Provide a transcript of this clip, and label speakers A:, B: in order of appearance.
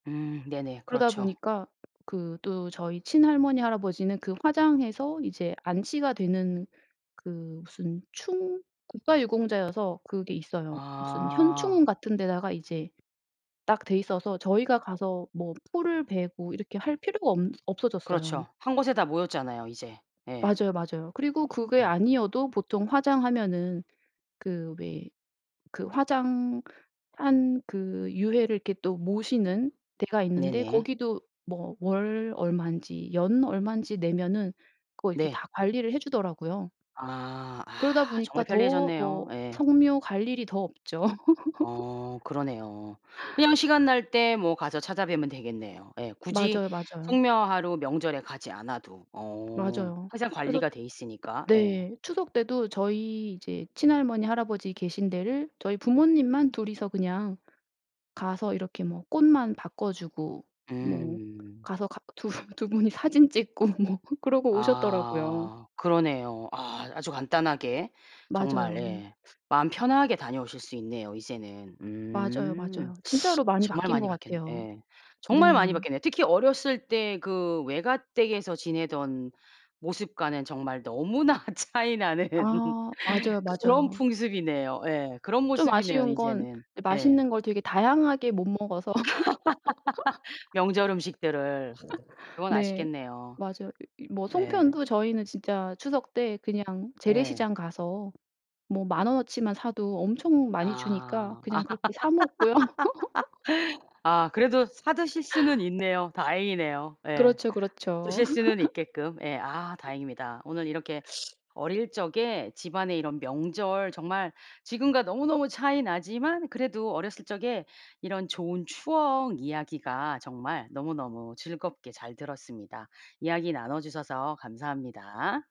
A: 음 네네.
B: 그러다
A: 그렇죠.
B: 보니까 그 또 저희 친할머니 할아버지는 그 화장해서 이제 안치가 되는 그 무슨 충 국가유공자여서 그게 있어요. 무슨
A: 아.
B: 현충원 같은 데다가 이제 딱 돼있어서 저희가 가서 뭐 풀을 베고 이렇게 할 필요가 엄 없어졌어요.
A: 그렇죠. 한 곳에 다 모였잖아요, 이제. 예.
B: 맞아요, 맞아요. 그리고 그게
A: 음.
B: 아니어도 보통 화장하면은 그 왜 그 화장 한 그 유해를 이렇게 또 모시는 데가 있는데
A: 네네.
B: 거기도 뭐 월 얼만지 연 얼만지 내면은 그거 이렇게
A: 네.
B: 다 관리를 해주더라고요.
A: 아.
B: 그러다
A: 아
B: 보니까
A: 정말
B: 더 뭐
A: 편리해졌네요. 예.
B: 성묘 갈 일이 더 없죠.
A: 어 그러네요. 그냥 시간 날 때 뭐 가서 찾아뵈면 되겠네요. 예. 굳이
B: 맞아요, 맞아요.
A: 성묘하러 명절에 가지 않아도. 어.
B: 맞아요.
A: 항상
B: 그래서
A: 관리가 돼 있으니까. 예.
B: 네 추석 때도 저희 이제 친할머니 할아버지 계신 데를 저희 부모님만 2 이서 그냥 가서 이렇게 뭐 꽃만 바꿔주고 뭐
A: 음.
B: 가서 가 2 2 분이 사진 찍고 뭐 그러고 오셨더라고요.
A: 아 그러네요. 아 아주 간단하게 정말
B: 맞아요.
A: 예 마음 편하게 다녀오실 수 있네요 이제는.
B: 맞아요,
A: 음.
B: 맞아요. 진짜로 많이
A: 정말
B: 바뀐 것
A: 많이 바뀌었네
B: 같아요.
A: 예. 정말 많이
B: 네.
A: 바뀌었네요. 특히 어렸을 때 그 외가댁에서 지내던 모습과는 정말 너무나 차이 나는
B: 아 맞아요,
A: 그런
B: 맞아요.
A: 풍습이네요. 예. 그런
B: 좀
A: 모습이네요
B: 아쉬운 건
A: 이제는.
B: 이제
A: 예.
B: 맛있는 걸 되게 다양하게 못 먹어서
A: 명절 음식들을 그건
B: 네
A: 아쉽겠네요.
B: 맞아요. 뭐
A: 예.
B: 송편도 저희는 진짜 추석 때 그냥
A: 예.
B: 재래시장 가서 뭐 10,000 원어치만 사도 엄청 많이 주니까
A: 아.
B: 그냥 그렇게 사 먹고요.
A: 아 그래도 사 드실 수는 있네요. 다행이네요. 예.
B: 그렇죠, 그렇죠.
A: 드실 수는 있게끔. 예 아 다행입니다. 오늘 이렇게 어릴 적에 집안에 이런 명절 정말 지금과 너무너무 차이 나지만 그래도 어렸을 적에 이런 좋은 추억 이야기가 정말 너무너무 즐겁게 잘 들었습니다. 이야기 나눠주셔서 감사합니다.